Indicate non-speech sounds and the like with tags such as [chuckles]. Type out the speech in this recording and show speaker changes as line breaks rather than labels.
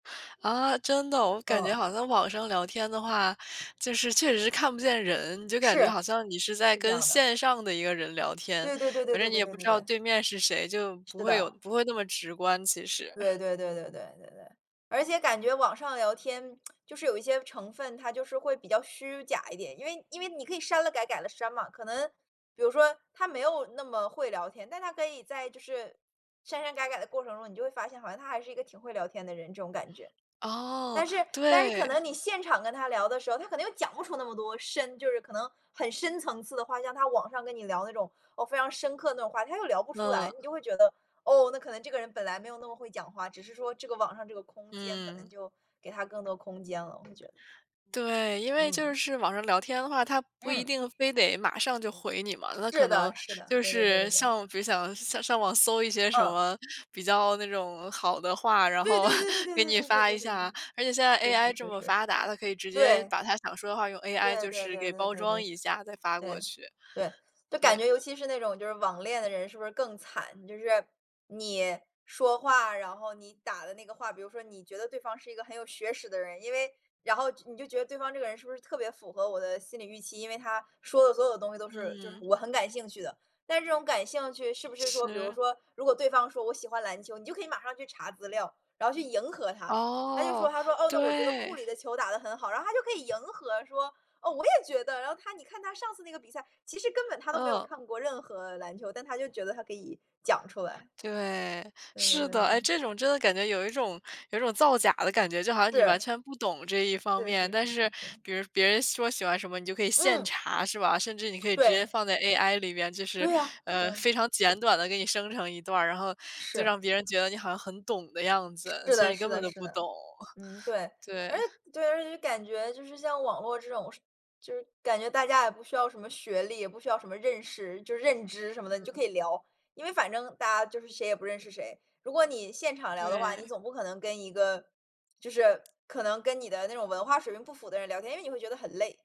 啊，真的。我感觉
嗯。
好像网上聊天的话，就是确实看不见人，就感觉
是，
好像你是在
是这
跟
样的。
线上的一个人聊天。
对对对对
反正
对
你
对
也
对
不
对
知道对
对。
面是谁，就不
是
会有
的。
不会那么直观，其实。
对
[chuckles]
对对对对对对。而且感觉网上聊天 [tsk] 就是有一些成分，它就是会比较虚假一点，因为因为你可以删了改，改了删嘛。可能比如说他没有那么会聊天，但他可以在，就是删删改改的过程中，你就会发现好像他还是一个挺会聊天的人，这种感觉。
哦，
但是但是可
对。
能你现场跟他聊的时候，他可能又讲不出那么多深就是可能很深层次的话，像他网上跟你聊的那种，哦，非常深刻的话，他又聊不出来，
那。
你就会觉得，哦，那可能这个人本来没有那么会讲话，只是说这个网上这个空间可能
嗯。
就给他更多空间了，我会觉得。
对，因为就
嗯。
是网上聊天的话，他不一
嗯。
定非得马上就回你嘛，那
是
可能
的是的，
就
对对对
是
对对。
像比如想上上网搜一些什
嗯。
么比较那种好的话，
对对对对对
然后 [chuckles] 给你
对对
发
对
一
对
下。
对。
而且现在
是
AI
是
这
是
么
是。
发达，他可以直接
对。
把他想说的话用 AI
对
就
对
是
对
给
对
包
对
装
对。
一下，再发过
对，
去。
对，就感
对。
觉尤其是那种就是网恋的人是不是更惨。就是，你说话，然后你打的那个话比如说你觉得对方是一个很有学识的人，因为然后你就觉得对方这个人是不是特别符合我的心理预期，因为他说的所有东西都是就是
嗯。
我很感兴趣的。但是这种感兴趣是不是说比如
是。
说，如果对方说我喜欢篮球，你就可以马上去查资料，然后去迎合他，他就说
哦，
他说，哦，那我觉得库
对。
里的球打得很好，然后他就可以迎合说：“哦，我也觉得”，然后他你看他上次那个比赛，其实根本他都没有
嗯。
看过任何篮球，但他就觉得他可以讲出来。
对，
对对
是
对
的。
对对
哎，
对。
这种真的感觉有一种有一种造假的感觉，就好像
是。
你完全不懂这一方
是
面。
是是
但
是
是，
是。
比如别人说喜欢什么，你就可以现
嗯。
查，是吧？甚至你可以直接
对。
放在 AI 里面，就是，
对啊对
呃，
啊。
非常简短地给你生成一段儿，然后，就
是。
让别人觉得你好像很懂的样子，
是
其实
的
你
是
根本
的
都
是
不懂。
的，嗯，
[chuckles]
对。而且
对。
对，而且就是感觉，就是像网络这种就是感觉大家也不需要什么学历，也不需要什么认识就认知什么的，你就
嗯。
可以聊。因为反正大家就是谁也不认识谁，如果你现场聊的话，你
对。
总不可能跟一个就是可能跟你的那种文化水平不符的人聊天，因为你会觉得很累。